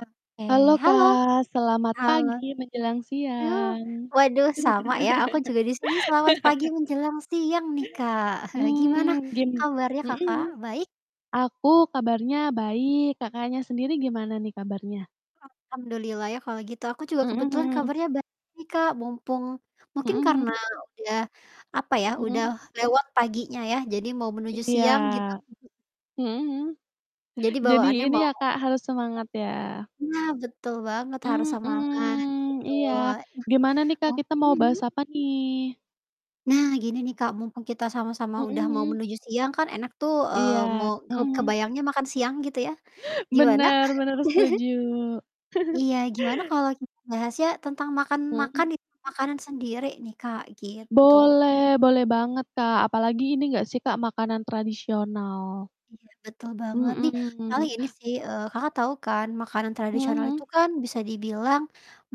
Oke, Halo halo! Kak, selamat Halo. pagi menjelang Uh, siang. waduh sama ya, aku juga di sini selamat pagi menjelang siang nih, Kak. Gimana Mmm, gini kabarnya mhm Kakak, mhm. baik? Aku kabarnya baik. Kakaknya sendiri gimana nih, kabarnya? Alhamdulillah ya, kalau gitu, aku juga Mhm kebetulan mhm. kabarnya baik, Kak. Mumpung Mhm mungkin karena mhm. udah, apa ya, udah Mhm. lewat paginya ya, jadi mau menuju Iya. siang, gitu. Mhm. Mhm mhm. Jadi Jadi bawaannya ini mau ya, heeh? Kak, harus semangat, ya? Nah, betul banget, harus semangat, Mhm, gitu. iya, Nah, gimana nih Kak, oh kita mau mhm bahas mhm? apa nih? Nah, gini nih, Kak, mumpung kita sama-sama udah mau Mhm. menuju siang kan enak tuh, Iya, eee, mau ke mhm mhm kebayangnya makan siang, gitu ya. Gimana? Benar benar, setuju. Iya, gimana kalau kita bahasnya, tentang makan-makan, Mhm. gitu, makanan sendiri nih, Kak, gitu? Boleh boleh banget Kak, apalagi ini enggak sih Kak, makanan tradisional? Iya, betul banget nih, Mhm. paling ini sih, eee, Kakak tahu kan makanan Mhm tradisional itu mhm. kan bisa dibilang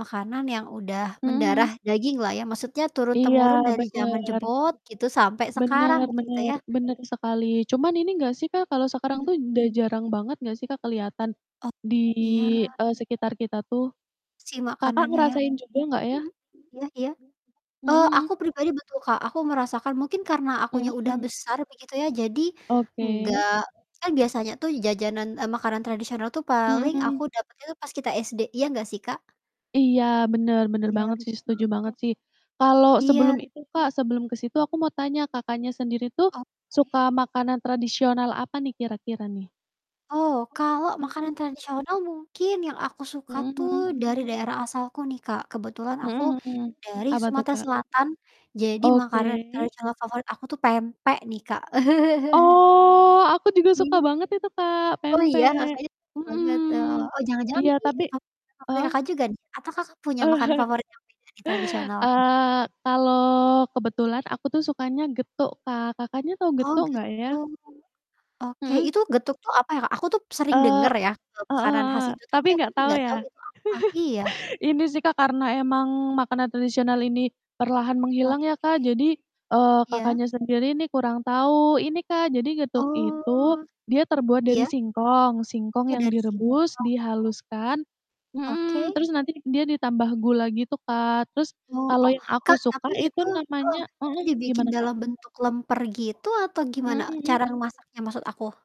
makanan yang udah Mhm mendarah mhm. daginglah ya, maksudnya Iya, turun-temurun dari jaman benar. jebot, gitu, sampai sekarang, Benar gitu benar ya. benar sekali. Cuman ini enggak sih Kak, kalau sekarang Mmm. tuh dah jarang banget enggak sih Kak, kelihatan Oh, di, iya. eee, sekitar kita tuh? Si Kakak makanannya, ya? ngerasain juga enggak ya? Mhm, iya iya. Mhm Oh, aku mhm. pribadi betul Kak, aku merasakan, mungkin karena akunya udah Mhm. besar begitu ya. Jadi, Oke. enggak kan biasanya tuh jajanan eee, makanan tradisional tuh paling aku Mhm. dapatnya tuh pas kita SD, iya nggak sih, Kak? Iya, benar benar Iya, banget sih, betul. setuju banget Oh. sih. Kalau sebelum Iya. itu Kak, sebelum ke situ aku mau tanya, Kakaknya sendiri tuh Oke. suka makanan tradisional apa nih, kira-kira nih? Oh, kalau makanan Oke. tradisional? Mungkin, yang aku suka Mhm tuh mhm. dari daerah asalku nih Kak, kebetulan aku Mhm mhm. dari Apa tuh, Sumatera Kak? Selatan. Jadi, makanan Oke. tradisional favorit aku tuh pempek nih, Kak. Oh, aku juga suka [unintelligible] banget itu Kak, Oh iya, pempek Kakaknya suka banget? Oh mhm, oh, jangan-jangan iya. ini Tapi [unintelligible] favorit heeh? Kakak juga nih, atau Kakak punya makanan favorit yang beda di tradisionalan? Eee, kalau kebetulan aku tuh sukanya getuk Kak, Kakaknya tahu Oh, getuk enggak gitu? ya? Oke, Mhm. itu getuk tuh, apa ya Kak? Aku tuh sering Eee, denger ya, eee, heeh makanan khas heeh, itu tapi tapi aku enggak tuh tahu nggak tahu ya? itu tuh, apa? Iya. Ini sih, Kak, karena emang makanan tradisional ini perlahan Oke. menghilang ya, Kak. Jadi, eee, Iya. Kakaknya sendiri nih kurang tahu. Ini Kak, jadi getuk Oh. itu dia terbuat dari Iya? singkong, singkong Oh, yang dari situ. direbus, dihaluskan mhm, Oke. terus nanti dia ditambah gula gitu, Kak. Terus, Oh kalau oh, yang aku Kak, suka tapi itu itu heeh, namanya itu mhm, dibikin gimana Kak? dalam bentuk lemper gitu atau Mhm gimana? Cara mhm. masaknya, maksud aku?